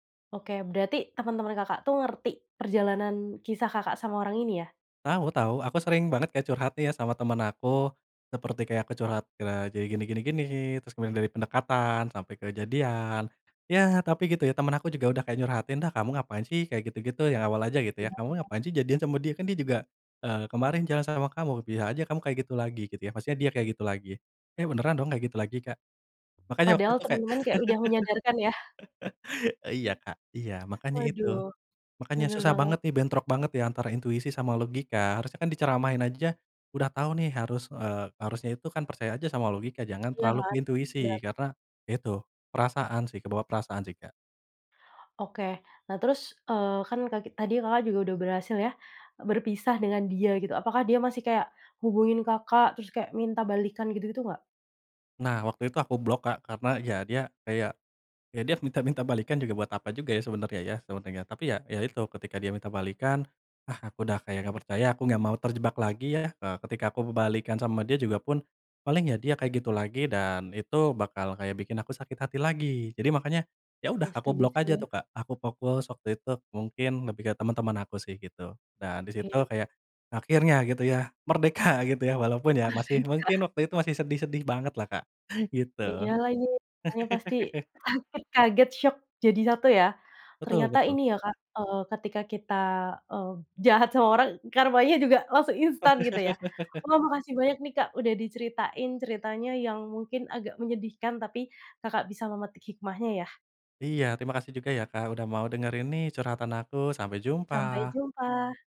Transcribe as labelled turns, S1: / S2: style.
S1: Oke. Berarti teman-teman Kakak tuh ngerti, perjalanan kisah Kakak sama orang ini ya?
S2: Tahu tahu aku sering banget kayak curhat nih ya, sama temen aku, seperti kayak aku curhat kere jadi, gini gini gini, terus kemudian dari pendekatan sampai ke jadian, ya tapi gitu ya, temen aku juga udah kayak nyurhatin, "Dah, kamu ngapain sih, kayak gitu gitu," yang awal aja gitu ya,
S1: Gimana,
S2: "kamu
S1: Kak?
S2: ngapain sih, jadian sama dia, kan dia juga, eee, kemarin jalan sama kamu, bisa aja kamu kayak gitu lagi," gitu ya. Maksudnya dia kayak gitu lagi, eh beneran dong kayak gitu lagi, Kak. Makanya waktu
S1: Padahal
S2: itu kayak
S1: teman-teman kayak udah menyadarkan ya?
S2: Iya, Kak. Iya, makanya itu.
S1: Waduh,
S2: Makanya
S1: bener
S2: susah
S1: banget.
S2: banget nih, bentrok banget ya, antara intuisi sama logika. Harusnya kan diceramahin aja, udah tahu nih harus, eee, harusnya itu kan percaya aja sama logika, jangan
S1: Iya
S2: terlalu ke
S1: kan,
S2: intuisi.
S1: bener.
S2: Karena ya itu, perasaan sih, kebawa perasaan sih, Kak.
S1: Oke, nah terus, eee, kan kaki tadi Kakak juga udah berhasil ya, e berpisah dengan dia gitu, apakah dia masih kayak ngubungin Kakak, terus kayak minta balikkan gitu gitu nggak?
S2: Nah, waktu itu aku blok, Kak, karena ya, dia kayak ya dia minta-minta balikkan juga buat apa juga ya, sebenarnya ya, sebenarnya. Tapi ya ya itu, ketika dia minta balikkan, ah aku udah kayak nggak percaya, aku nggak mau terjebak lagi ya, eee, ketika aku balikkan sama dia juga pun paling, ya dia kayak gitu lagi dan itu bakal kayak bikin aku sakit hati lagi. Jadi makanya, ya udah
S1: Ya,
S2: aku
S1: setuju
S2: blok aja
S1: sih.
S2: tuh, Kak, aku fokus waktu itu mungkin lebih ke teman-teman aku sih gitu, dan di situ
S1: Iya.
S2: kayak akhirnya gitu ya, merdeka gitu ya, walaupun ya masih
S1: Merdeka.
S2: mungkin waktu itu masih sedih sedih banget lah, Kak, gitu.
S1: Iya lagi, orangnya pasti sakit kaget, syok jadi satu ya.
S2: Betul
S1: Ternyata
S2: betul.
S1: ini ya, Kak, eee, ketika kita, eee, jahat sama orang, karmanya juga langsung instan gitu ya. Wah, makasih banyak nih, Kak, udah diceritain ceritanya yang mungkin agak menyedihkan, tapi Kakak bisa memetik hikmahnya ya.
S2: Iya, terima kasih juga ya, Kak, udah mau dengerin nih, curhatan aku. Sampai
S1: Sampai
S2: jumpa.
S1: jumpa.